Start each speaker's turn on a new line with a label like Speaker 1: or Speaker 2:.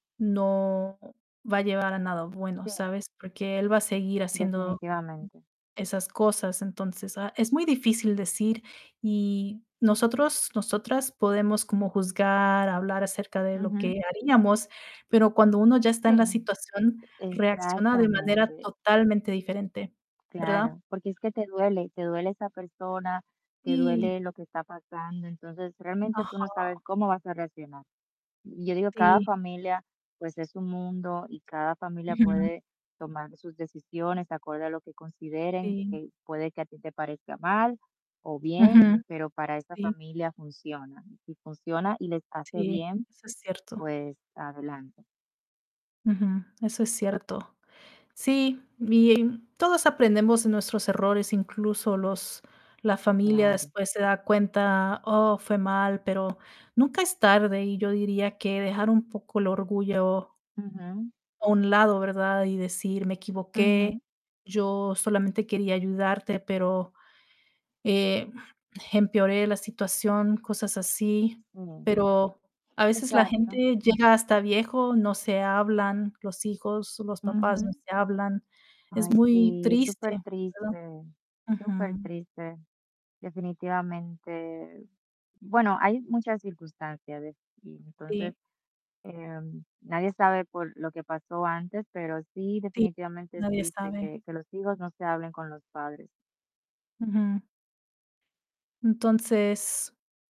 Speaker 1: No, va a llevar a nada bueno,
Speaker 2: Sí.
Speaker 1: ¿sabes? Porque él va a seguir haciendo
Speaker 2: Definitivamente.
Speaker 1: esas cosas, entonces, ah, es muy difícil decir, y nosotros nosotras, podemos como juzgar, hablar acerca de lo
Speaker 2: Ujú.
Speaker 1: que haríamos, pero, cuando uno ya está
Speaker 2: Sí,
Speaker 1: en la situación, reacciona de manera
Speaker 2: exactamente.
Speaker 1: totalmente diferente, ¿verdad?
Speaker 2: Claro, porque es que te duele, te duele esa persona, te
Speaker 1: Sí.
Speaker 2: duele lo que está pasando, entonces realmente
Speaker 1: Ajá.
Speaker 2: tú no sabes cómo vas a reaccionar. Y yo digo, cada
Speaker 1: Sí.
Speaker 2: familia, pues, es un mundo, y cada familia
Speaker 1: Ujú.
Speaker 2: puede tomar sus decisiones acorde a lo que consideren,
Speaker 1: Sí.
Speaker 2: que puede que a ti te parezca mal o bien,
Speaker 1: Ujú,
Speaker 2: pero, para esta
Speaker 1: sí.
Speaker 2: familia funciona. Si funciona y les hace
Speaker 1: Sí,
Speaker 2: bien,
Speaker 1: eso es cierto.
Speaker 2: pues, adelante.
Speaker 1: Ujú, eso es cierto. Sí, y, em, todos aprendemos de nuestros errores, incluso los la familia
Speaker 2: Claro.
Speaker 1: después se da cuenta, oh, fue mal, pero, nunca es tarde, y yo diría que dejar un poco el orgullo
Speaker 2: Ujú.
Speaker 1: a un lado, ¿verdad? Y decir: "Me equivoqué,
Speaker 2: Ujú.
Speaker 1: yo solamente quería ayudarte, pero, eh, empeoré la situación", cosas así.
Speaker 2: Sí,
Speaker 1: Pero, a veces la
Speaker 2: exacto.
Speaker 1: gente llega hasta viejo, no se hablan, los hijos, los papás no
Speaker 2: Ujú.
Speaker 1: se hablan. Es
Speaker 2: Ay,
Speaker 1: muy
Speaker 2: sí, es
Speaker 1: triste, ¿verdad?
Speaker 2: supertriste
Speaker 1: Ujú.
Speaker 2: supertriste, definitivamente. Bueno, hay muchas circunstancias ves, y
Speaker 1: Sí.
Speaker 2: entonces, em, nadie sabe por lo que pasó antes, pero sí,
Speaker 1: Sí,
Speaker 2: definitivamente, es
Speaker 1: nadie
Speaker 2: triste
Speaker 1: sabe.
Speaker 2: que que los hijos no se hablen con los padres.
Speaker 1: Ujú. Entonces.